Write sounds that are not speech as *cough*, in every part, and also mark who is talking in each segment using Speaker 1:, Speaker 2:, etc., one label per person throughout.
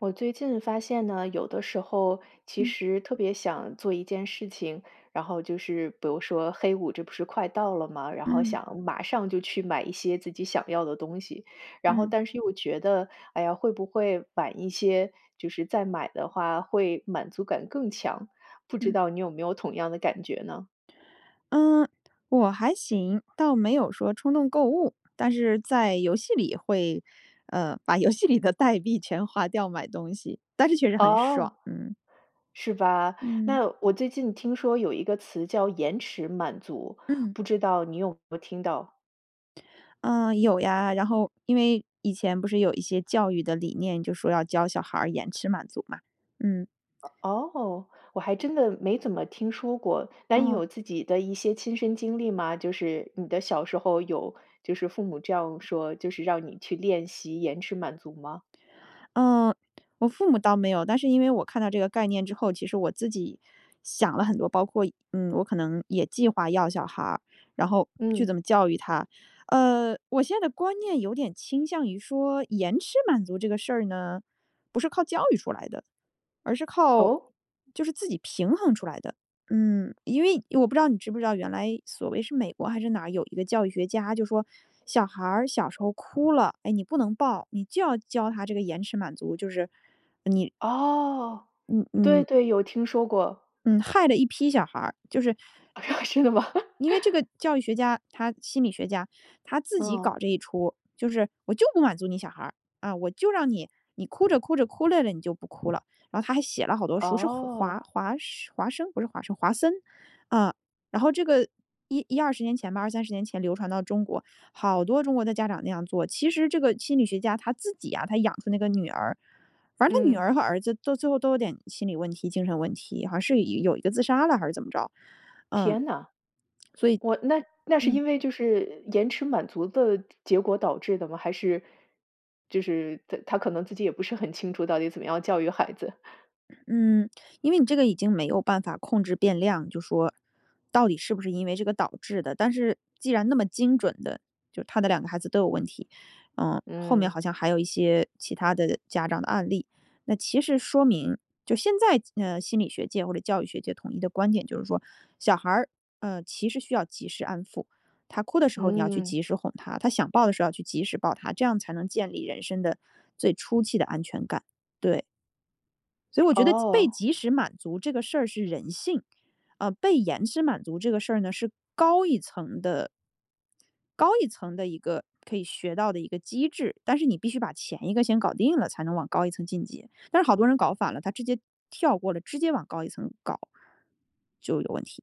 Speaker 1: 我最近发现呢，有的时候其
Speaker 2: 嗯。
Speaker 1: 实特别想做一件事情。然后就是比如说黑五这不是快到了嘛，然后
Speaker 2: 嗯。
Speaker 1: 想马上就去买一些自己想要的东西。然后
Speaker 2: 嗯。
Speaker 1: 但是又觉得，呃，会不会晚一些就是再买的话，会满足感更强，不知
Speaker 2: 嗯。
Speaker 1: 道你有没有同样的感觉呢？
Speaker 2: 嗯，我还行。倒没有说冲动购物，但是在游戏里会，呃，把游戏里的代币全花掉买东西，但是确实很爽，
Speaker 1: 哦，
Speaker 2: 嗯。
Speaker 1: 是吧。
Speaker 2: 嗯。
Speaker 1: 那我最近听说有一个词叫延迟满足，
Speaker 2: 嗯。
Speaker 1: 不知道你有没有听到？
Speaker 2: 嗯，有呀，然后因为以前不是有一些教育的理念，就说要教小孩儿延迟满足嘛。嗯。
Speaker 1: 哦，我还真的没怎么听说过。那你
Speaker 2: 哦。
Speaker 1: 有自己的一些亲身经历吗？就是你的小时候有就是父母这样说，就是让你去练习延迟满足吗？
Speaker 2: 呃，我父母倒没有。但是因为我看到这个概念之后，其实我自己想了很多包括，嗯，我可能也计划要小孩儿，然后去
Speaker 1: 嗯。
Speaker 2: 怎么教育他。呃，我现在观念有点倾向于说延迟满足这个事儿呢，不是靠教育出来的。而是靠，
Speaker 1: 哦？
Speaker 2: 就是自己平衡出来的。嗯，因为我不知道你知不知道原来所谓是美国还是哪有一个教育学家就说，小孩儿小时候哭了，哎，你不能抱，你就要教他这个延迟满足，就是你
Speaker 1: 哦，
Speaker 2: 嗯
Speaker 1: 对
Speaker 2: 嗯。
Speaker 1: 对，有听说过。
Speaker 2: 嗯，害了一批小孩儿，就是
Speaker 1: *laughs* 真的吗？
Speaker 2: 因为这个教育学家，他心理学家。他自己搞
Speaker 1: 哦。
Speaker 2: 这一出，就是我就不满足你小孩儿，啊，我就让你你哭着哭着哭累了，你就不哭了。然后他还写了好多书是华
Speaker 1: 哦。
Speaker 2: 华华生，不是华生华森。啊，然后这个110-20年前吧，20-30年前流传到中国，好多中国的家长那样做。其实这个心理学家他自己啊，他养出那个女儿，反正他女
Speaker 1: 嗯。
Speaker 2: 儿和儿子都最后都有点心理问题，精神问题，好像是有一个自杀了，还是怎么着。嗯，
Speaker 1: 天呐，
Speaker 2: 所以
Speaker 1: 哇，那那是
Speaker 2: 嗯。
Speaker 1: 因为就是延迟满足的结果导致的吗？还是就是他他可能自己也不是很清楚到底怎么样教育孩子。
Speaker 2: 嗯，因为你这个已经没有办法控制变量，就说到底是不是因为这个导致的。但是既然那么精准的，就他的2个孩子都有问题。呃，后面
Speaker 1: 嗯。
Speaker 2: 好像还有一些其他的家长的案例。那其实说明就现在，呃，心理学界或者教育学界统一的观点就是说，小孩儿，呃，其实需要及时安抚，他哭的时候，你要去
Speaker 1: 嗯。
Speaker 2: 及时哄他，他想抱的时候要去及时抱他，这样才能建立人生的最初期的安全感。对。所以我觉得即被
Speaker 1: 哦。
Speaker 2: 即时满足这个事儿是人性，呃，被延迟满足这个事儿呢，是高一层的高一层的一个可以学到的一个机制，但是你必须把前一个先搞定了，才能往高一层晋级。但是好多人搞反了，他直接跳过了，直接往高一层搞。就有问题。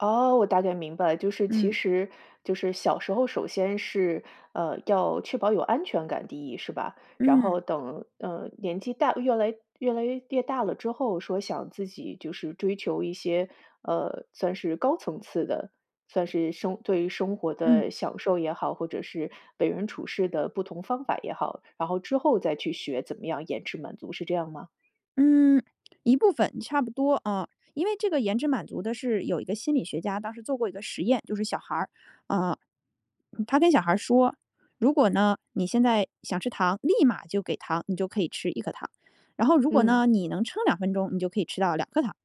Speaker 1: 哦，我大概明白了。就是其
Speaker 2: 嗯。
Speaker 1: 实就是小时候，首先是，呃，要确保有安全感第1是吧？然后
Speaker 2: 嗯。
Speaker 1: 等，呃，年纪大越来越来越大了之后，说想自己就是追求一些，呃，算是高层次的，算是生对于生活
Speaker 2: 嗯。
Speaker 1: 的享受也好，或者是为人处事的不同方法也好。然后之后再去学怎么样延迟满足，是这样吗？
Speaker 2: 嗯，一部分差不多啊，因为这个延迟满足的是有一个心理学家当时做过一个实验，就是小孩儿，呃，他跟小孩儿说：“如果呢，你现在想吃糖，立马就给糖，你就可以吃1颗糖。然后如果
Speaker 1: 嗯。
Speaker 2: 呢，你能撑2分钟，你就可以吃到2颗糖。”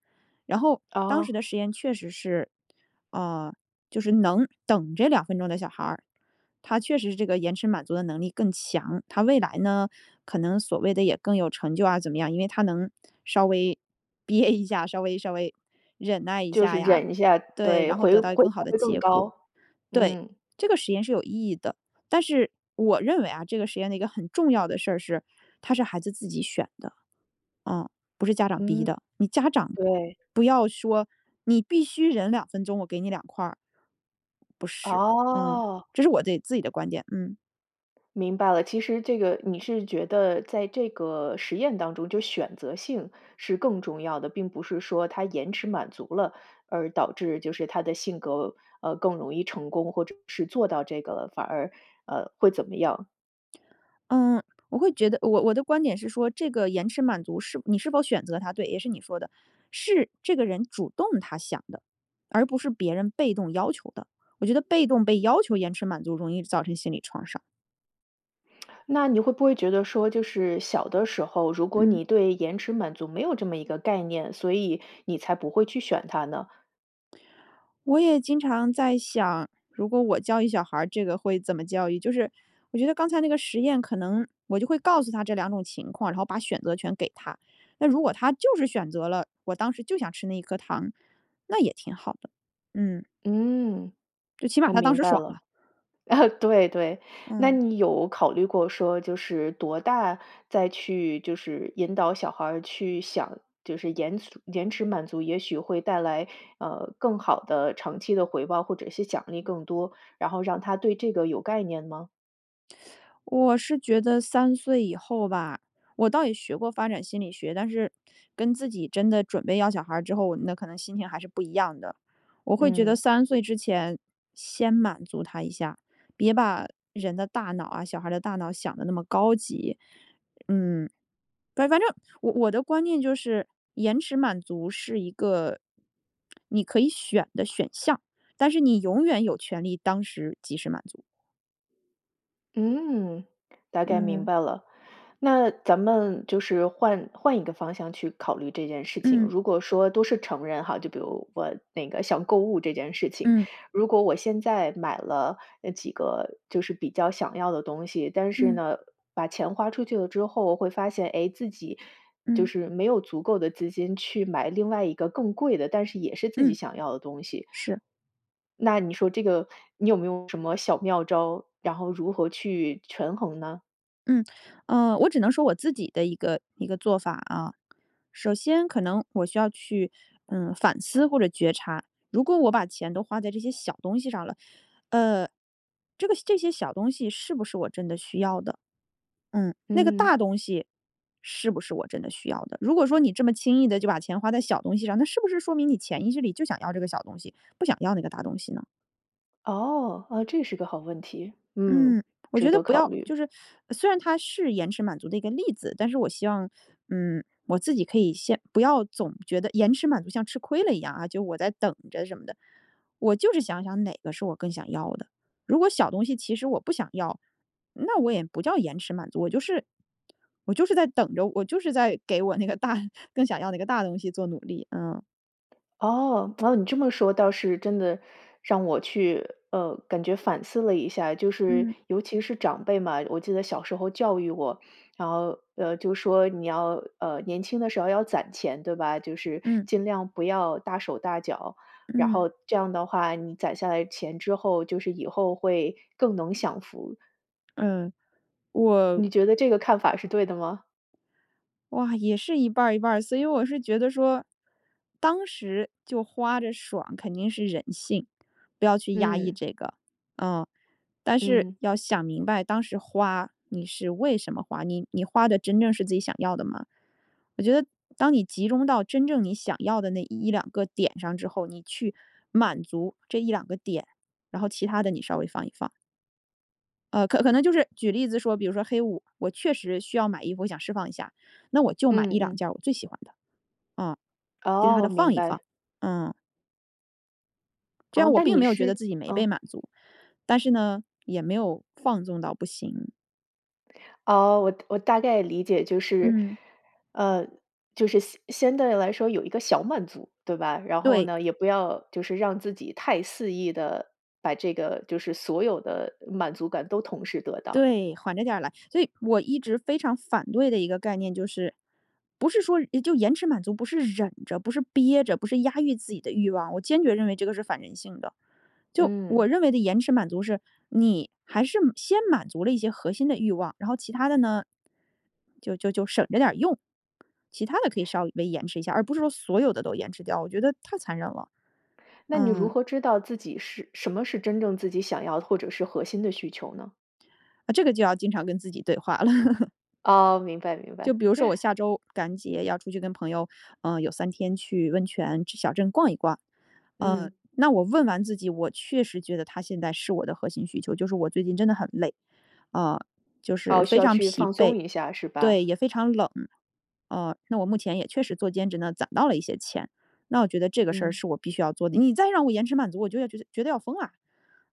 Speaker 2: 然后当时
Speaker 1: 哦。
Speaker 2: 的实验确实是，啊，就是能等着2分钟的小孩儿他确实这个延迟满足的能力更强，他未来呢，可能所谓的也更有成就啊怎么样，因为他能稍微憋一下，稍微稍微忍耐一
Speaker 1: 就
Speaker 2: 下
Speaker 1: 是
Speaker 2: 呀，
Speaker 1: 忍一下，
Speaker 2: 对，
Speaker 1: 对，
Speaker 2: 然后
Speaker 1: 会
Speaker 2: 得到
Speaker 1: 会
Speaker 2: 更好的
Speaker 1: 会更
Speaker 2: 结果，
Speaker 1: 高。
Speaker 2: 对，
Speaker 1: 嗯。
Speaker 2: 这个实验是有意义的。但是我认为啊，这个实验的一个很重要的事儿是，它是孩子自己选的，啊，不是家长
Speaker 1: 嗯，
Speaker 2: 逼的，你家长
Speaker 1: 对。
Speaker 2: 不要说你必须忍2分钟，我给你2块儿。不是，嗯，
Speaker 1: 哦。
Speaker 2: 这是我对，自己的观点，嗯。
Speaker 1: 明白了，其实这个你是觉得在这个实验当中就选择性是更重要的，并不是说他延迟满足了而导致就是他的性格，呃，更容易成功，或者是做到这个，反而，呃，会怎么样。
Speaker 2: 嗯，我会觉得，我我的观点是说这个延迟满足是你是否选择它，对，也是你说的，是这个人主动他想的，而不是别人被动要求的。我觉得被动被要求延迟满足容易造成心理创伤。
Speaker 1: 那你会不会觉得说，就是小的时候，如果
Speaker 2: 嗯。
Speaker 1: 你对延迟满足没有这么一个概念，所以你才不会去选它呢？
Speaker 2: 我也经常在想，如果我教育小孩儿这个会怎么教育，就是我觉得刚才那个实验可能我就会告诉他这2种情况，然后把选择权给他，那如果他就是选择了，我当时就想吃那1颗糖，那也挺好的。嗯。
Speaker 1: 嗯，
Speaker 2: 就起码
Speaker 1: 我
Speaker 2: 他当
Speaker 1: 明
Speaker 2: 时
Speaker 1: 白
Speaker 2: 爽
Speaker 1: 了。
Speaker 2: 了。
Speaker 1: 啊，对对，那
Speaker 2: 嗯。
Speaker 1: 你有考虑过说就是多大再去就是引导小孩儿去想，就是延迟延迟满足，也许会带来，呃，更好的长期的回报，或者是奖励更多，然后让他对这个有概念吗？
Speaker 2: 我是觉得3岁以后吧，我倒也学过发展心理学，但是跟自己真的准备要小孩儿之后，我们的可能心情还是不一样的，我会觉得
Speaker 1: 嗯。
Speaker 2: 3岁之前先满足他一下，别把人的大脑啊，小孩儿的大脑想得那么高级。嗯，但反正我的观念就是延迟满足是一个你可以选的选项，但是你永远有权利当时及时满足。
Speaker 1: 嗯，大概明
Speaker 2: 嗯。
Speaker 1: 白了，那咱们就是换换一个方向去考虑这件事情。
Speaker 2: 嗯。
Speaker 1: 如果说都是成人哈，就比如我那个想购物这件事情，
Speaker 2: 嗯。
Speaker 1: 如果我现在买了，哎，几个就是比较想要的东西，但是
Speaker 2: 嗯。
Speaker 1: 呢，把钱花出去了之后会发现，哎，自己就
Speaker 2: 嗯。
Speaker 1: 是没有足够的资金去买另外一个更贵的，但是也是自己
Speaker 2: 嗯。
Speaker 1: 想要的东西。
Speaker 2: 是。
Speaker 1: 那你说这个你有没有什么小妙招，然后如何去权衡呢？
Speaker 2: 嗯，呃，我只能说我自己的一个一个做法啊，首先可能我需要去，嗯，反思或者觉察，如果我把钱都花在这些小东西上了，呃，这个这些小东西是不是我真的需要的？嗯，那个大
Speaker 1: 嗯。
Speaker 2: 东西是不是我真的需要的？如果说你这么轻易地就把钱花在小东西上，那是不是说明你潜意识里就想要这个小东西，不想要那个大东西呢？
Speaker 1: 哦，啊，这是个好问题，嗯，
Speaker 2: 嗯，我觉
Speaker 1: 值
Speaker 2: 得
Speaker 1: 得
Speaker 2: 不
Speaker 1: 考
Speaker 2: 要
Speaker 1: 虑。
Speaker 2: 就是虽然它是延迟满足的一个例子，但是我希望，嗯，我自己可以先不要总觉得延迟满足像吃亏了一样啊，就我在等着什么的，我就是想想哪个是我更想要的，如果小东西其实我不想要，那我也不叫延迟满足，我就是我就是在等着，我就是在给我那个大更想要那个大东西做努力，嗯。
Speaker 1: 哦，只要你这么说倒是真的让我去，呃，感觉反思了一下，就是
Speaker 2: 嗯。
Speaker 1: 尤其是长辈嘛，我记得小时候教育我，然后，呃，就说你要，呃，年轻的时候要攒钱，对吧？就是
Speaker 2: 嗯。
Speaker 1: 尽量不要大手大脚，然
Speaker 2: 嗯。
Speaker 1: 后这样的话，你攒下来钱之后，就是以后会更能享福。
Speaker 2: 嗯，我
Speaker 1: 你觉得这个看法是对的吗？
Speaker 2: 哇，也是一半儿一半儿。所以我是觉得说，当时就花着爽，肯定是人性，不要去压抑
Speaker 1: 嗯。
Speaker 2: 这个。嗯，但是
Speaker 1: 嗯。
Speaker 2: 要想明白当时花，你是为什么花，你你花的真正是自己想要的吗？我觉得当你集中到真正你想要的那1-2个点上之后，你去满足这1-2个点，然后其他的，你稍微放一放。呃，可可能就是举例子说比如说黑五，我确实需要买衣服，我想释放一下。那我就买一
Speaker 1: 嗯
Speaker 2: 两
Speaker 1: 嗯。
Speaker 2: 件儿我最喜欢的，啊，其它
Speaker 1: 哦，
Speaker 2: 的
Speaker 1: 明
Speaker 2: 放一
Speaker 1: 白。
Speaker 2: 放，啊。这样
Speaker 1: 哦，
Speaker 2: 我
Speaker 1: 那
Speaker 2: 并
Speaker 1: 你
Speaker 2: 没有觉得
Speaker 1: 是
Speaker 2: 自己没被
Speaker 1: 嗯。
Speaker 2: 满足，但是呢，也没有放纵到不行。
Speaker 1: 哦，我我大概理解就是，
Speaker 2: 嗯。
Speaker 1: 呃就是相相对来说有一个小满足，对吧？然后
Speaker 2: 对。
Speaker 1: 呢，也不要就是让自己太肆意地把这个就是所有的满足感都同时得到。
Speaker 2: 对，缓着点儿来。所以我一直非常反对的一个概念就是不是说就延迟满足、不是忍着、不是憋着，不是压抑自己的欲望，我坚决认为这个是反人性的。就
Speaker 1: 嗯。
Speaker 2: 我认为的延迟满足是，你还是先满足了一些核心的欲望，然后其它的呢，就就就省着点儿用，其它的可以稍微延迟一下，而不是说所有的都延迟掉，我觉得太残忍了。
Speaker 1: 那你如
Speaker 2: 嗯。
Speaker 1: 何知道自己是什么是真正自己想要的，或者是核心的需求呢？
Speaker 2: 啊，这个就要经常跟自己对话了。*chuckles*
Speaker 1: 哦，明白明
Speaker 2: 就
Speaker 1: 白。
Speaker 2: 比如说我
Speaker 1: *chuckles*
Speaker 2: 下周感恩节要出去跟朋友，呃有3天去温泉小镇逛一逛。呃，
Speaker 1: 嗯。
Speaker 2: 那我问完自己，我确实觉得它现在是我的核心需求，就是我最近真的很累，啊，就是
Speaker 1: 哦，
Speaker 2: 非
Speaker 1: 需要
Speaker 2: 常
Speaker 1: 去
Speaker 2: 疲
Speaker 1: 放松
Speaker 2: 惫
Speaker 1: 一下是
Speaker 2: 对，
Speaker 1: 吧？
Speaker 2: 也非常冷，啊。那我目前也确实做兼职呢，攒到了一些钱，那我觉得这个事儿
Speaker 1: 嗯。
Speaker 2: 是我必须要做的。你再让我延迟满足，我就觉得觉得要疯了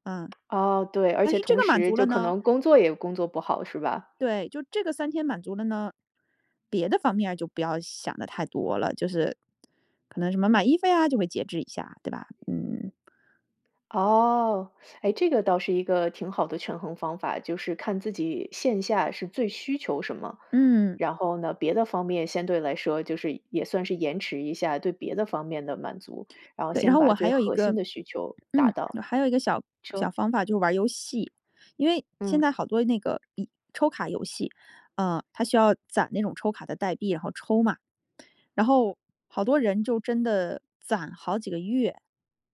Speaker 2: 啊，
Speaker 1: 哦，对，而
Speaker 2: 但
Speaker 1: 且
Speaker 2: 是这
Speaker 1: 同
Speaker 2: 个满
Speaker 1: 时
Speaker 2: 足
Speaker 1: 就
Speaker 2: 了
Speaker 1: 可
Speaker 2: 呢
Speaker 1: 能工作也工作不好，是吧？
Speaker 2: 对，就这个3天满足了呢，别的方面就不要想的太多了，就是，可能什么买衣服啊，就会节制一下，对吧？嗯。
Speaker 1: 哦，哎，这个倒是一个挺好的权衡方法，就是看自己线下是最需求什么。
Speaker 2: 嗯。
Speaker 1: 然后呢，别的方面相对来说就是也算是延迟一下，对别的方面的满足，然后
Speaker 2: 对，然
Speaker 1: 先
Speaker 2: 后
Speaker 1: 把
Speaker 2: 我还
Speaker 1: 最
Speaker 2: 有一
Speaker 1: 核心
Speaker 2: 个，
Speaker 1: 的需求达
Speaker 2: 嗯
Speaker 1: 到，
Speaker 2: 还有一个小小
Speaker 1: 说。
Speaker 2: 方法就是玩儿游戏，因为现
Speaker 1: 嗯。
Speaker 2: 在好多那个抽卡游戏，呃，它需要攒那种抽卡的代币，然后抽嘛。然后好多人就真的攒好几个月，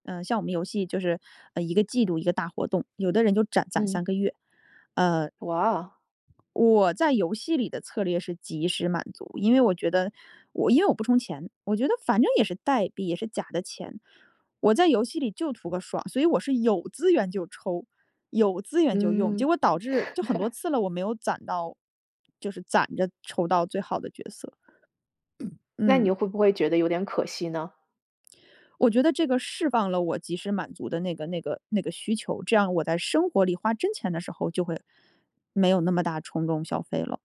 Speaker 2: 呃，像我们游戏就是一个季度一个大活动，有的人就攒攒
Speaker 1: 嗯。
Speaker 2: 3个月，呃。
Speaker 1: 哇。
Speaker 2: 我在游戏里的策略是及时满足，因为我觉得我因为我不充钱，我觉得反正也是代币，也是假的钱。我在游戏里就图个爽，所以我是有资源就抽，有资源就用，结
Speaker 1: 嗯。
Speaker 2: 果导致就很多
Speaker 1: *chuckles*
Speaker 2: 次了，我没有攒到就是攒着抽到最好的角色。
Speaker 1: 那
Speaker 2: 嗯。
Speaker 1: 你会不会觉得有点可惜呢？
Speaker 2: 我觉得这个释放了我及时满足的那个那个那个需求，这样我在生活里花真钱的时候，就会没有那么大冲动消费了。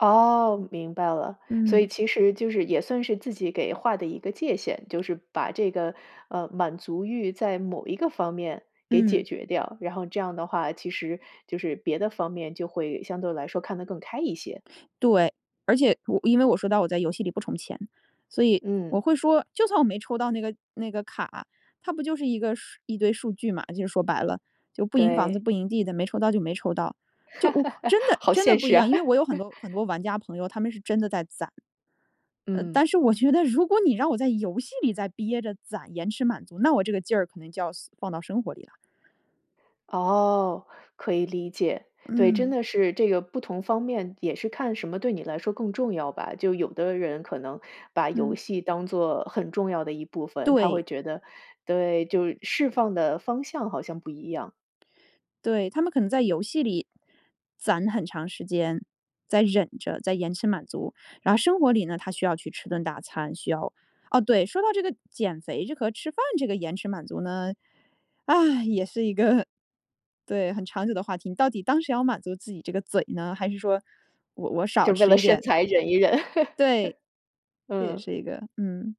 Speaker 1: 哦，明白了。所以
Speaker 2: 嗯。
Speaker 1: 其实就是也算是自己给划的一个界限，就是把这个，呃，满足欲在某一个方面给解
Speaker 2: 嗯。
Speaker 1: 决掉。然后这样的话，其实就是别的方面就会相对来说看得更开一些。
Speaker 2: 对，而且我因为我说白了我在游戏里不充钱，所以
Speaker 1: 嗯。
Speaker 2: 我会说就算我没抽到那个那个卡，它不就是一个数一堆数据嘛，就说白了。就不赢房子
Speaker 1: 对。
Speaker 2: 不赢地的，没抽到就没抽到。就我
Speaker 1: *laughs*
Speaker 2: 真的
Speaker 1: 好
Speaker 2: 真的
Speaker 1: 现
Speaker 2: 不一
Speaker 1: 实
Speaker 2: 样，
Speaker 1: 啊。
Speaker 2: 因
Speaker 1: *laughs*
Speaker 2: 为我有很多很多玩家朋友，他们是真的在攒。呃，
Speaker 1: 嗯。
Speaker 2: 但是我觉得如果你让我在游戏里再憋着攒延迟满足，那我这个劲儿可能就要放到生活里啦。
Speaker 1: 哦，可以理解。对，真
Speaker 2: 嗯。
Speaker 1: 的是这个不同方面也是看什么对你来说更重要吧。就有的人可能把游
Speaker 2: 嗯。
Speaker 1: 戏当作很重要的一部分，他
Speaker 2: 对。
Speaker 1: 会觉得，对，就释放的方向好像不一样。
Speaker 2: 对，他们可能在游戏里，攒很长时间，在忍着在延迟满足。然后生活里呢，他需要去吃顿大餐，需要哦，对，说到这个减肥这和吃饭这个延迟满足呢，唉，也是一个，对，很长久的话题。你到底当时要满足自己这个嘴呢，还是说我我少
Speaker 1: 就为
Speaker 2: 吃
Speaker 1: 了
Speaker 2: 一
Speaker 1: 身
Speaker 2: 点？
Speaker 1: 材忍一忍。
Speaker 2: 对，
Speaker 1: *chuckles*
Speaker 2: 这也
Speaker 1: 嗯。
Speaker 2: 是一个，嗯。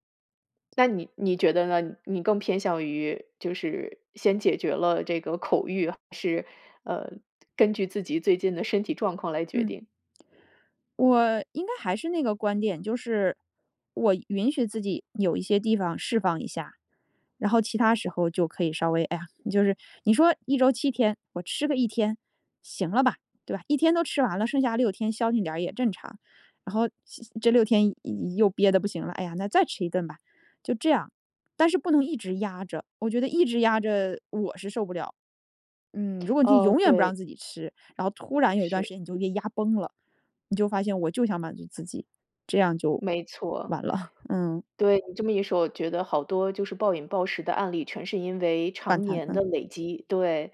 Speaker 1: 那你你觉得呢？你更偏向于就是先解决了这个口欲，还是，呃，根据自己最近的身体状况来决
Speaker 2: 嗯。
Speaker 1: 定？
Speaker 2: 我应该还是那个观点，就是我允许自己有一些地方释放一下。然后其他时候就可以稍微，哎呀，就是你说一周7天我吃个1天行了吧，对吧？1天都吃完了，剩下6天消停点儿也正常。然后这6天又又憋得不行了，哎呀，那再吃一顿吧，就这样。但是不能一直压着，我觉得一直压着我是受不了。嗯，如果你就
Speaker 1: 哦，
Speaker 2: 永远不
Speaker 1: 对。
Speaker 2: 让自己吃，然后突然有一段时
Speaker 1: 是。
Speaker 2: 间你就给压崩了，你就发现我就想满足自己，这样就
Speaker 1: 没错。
Speaker 2: 完了。嗯。
Speaker 1: 对，你这么一说，我觉得好多就是暴饮暴食的案例，全是因为
Speaker 2: 反
Speaker 1: 常
Speaker 2: 弹，
Speaker 1: 年的
Speaker 2: 嗯。
Speaker 1: 累积。对，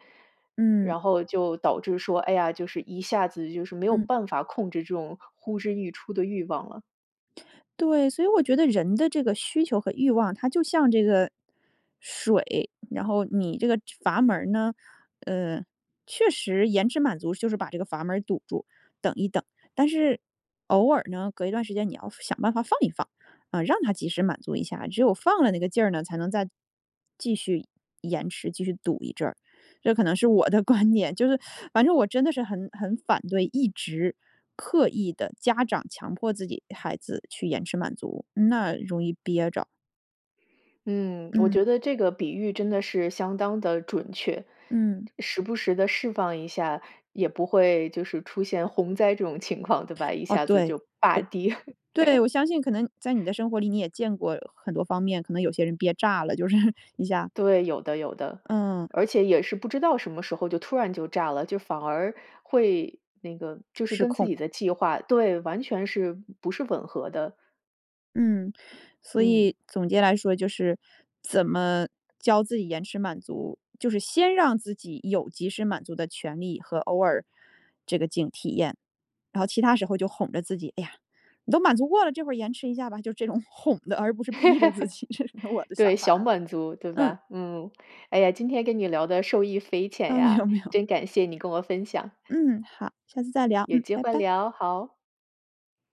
Speaker 2: 嗯。
Speaker 1: 然后就导致说，哎呀，就是一下子就是没有
Speaker 2: 嗯。
Speaker 1: 办法控制这种呼之欲出的欲望了。
Speaker 2: 对，所以我觉得人的这个需求和欲望它就像这个水，然后你这个阀门儿呢，呃，确实延迟满足就是把这个阀门儿堵住，等一等，但是偶尔呢隔一段时间你要想办法放一放，啊，让它及时满足一下，只有放了那个劲儿呢，才能再继续延迟，继续堵一阵儿，这可能是我的观点，就是反正我真的是很很反对，一直刻意地，家长强迫自己孩子去延迟满足，那容易憋着。
Speaker 1: 嗯，我觉
Speaker 2: 嗯。
Speaker 1: 得这个比喻真的是相当地准确，
Speaker 2: 嗯。
Speaker 1: 时不时地释放一下，也不会就是出现洪灾这种情况，对吧，一
Speaker 2: 哦，
Speaker 1: 下子
Speaker 2: 对。
Speaker 1: 就大跌。
Speaker 2: *unintelligible* 对，
Speaker 1: *laughs*
Speaker 2: 我相信可能在你的生活里，你也见过很多方面，可能有些人憋炸了，就是你想
Speaker 1: 对，有的，有的，
Speaker 2: 嗯。
Speaker 1: 而且也是不知道什么时候就突然就炸了，就反而会那个就是
Speaker 2: 失
Speaker 1: 跟自
Speaker 2: 控。
Speaker 1: 己的计划对，完全是不是吻合的。
Speaker 2: 嗯，所
Speaker 1: 嗯。
Speaker 2: 以总结来说就是怎么教自己延迟满足，就是先让自己有及时满足的权利和偶尔这个劲体验，然后其它时候就哄着自己，哎呀，你都满足过了，这会儿延迟一下吧，就这种哄的，而不是逼着自己，这是我的
Speaker 1: *laughs* 对，
Speaker 2: 想法
Speaker 1: 想
Speaker 2: 啊。
Speaker 1: 满足，对
Speaker 2: 嗯。
Speaker 1: 吧？嗯，哎呀，今天跟你聊得受益匪浅
Speaker 2: 啊，没有
Speaker 1: 呀，
Speaker 2: 没有。
Speaker 1: 真感谢你跟我分享。
Speaker 2: 嗯，好，下次再聊，
Speaker 1: 有
Speaker 2: 嗯，
Speaker 1: 机
Speaker 2: 拜
Speaker 1: 会
Speaker 2: 拜。
Speaker 1: 聊，好。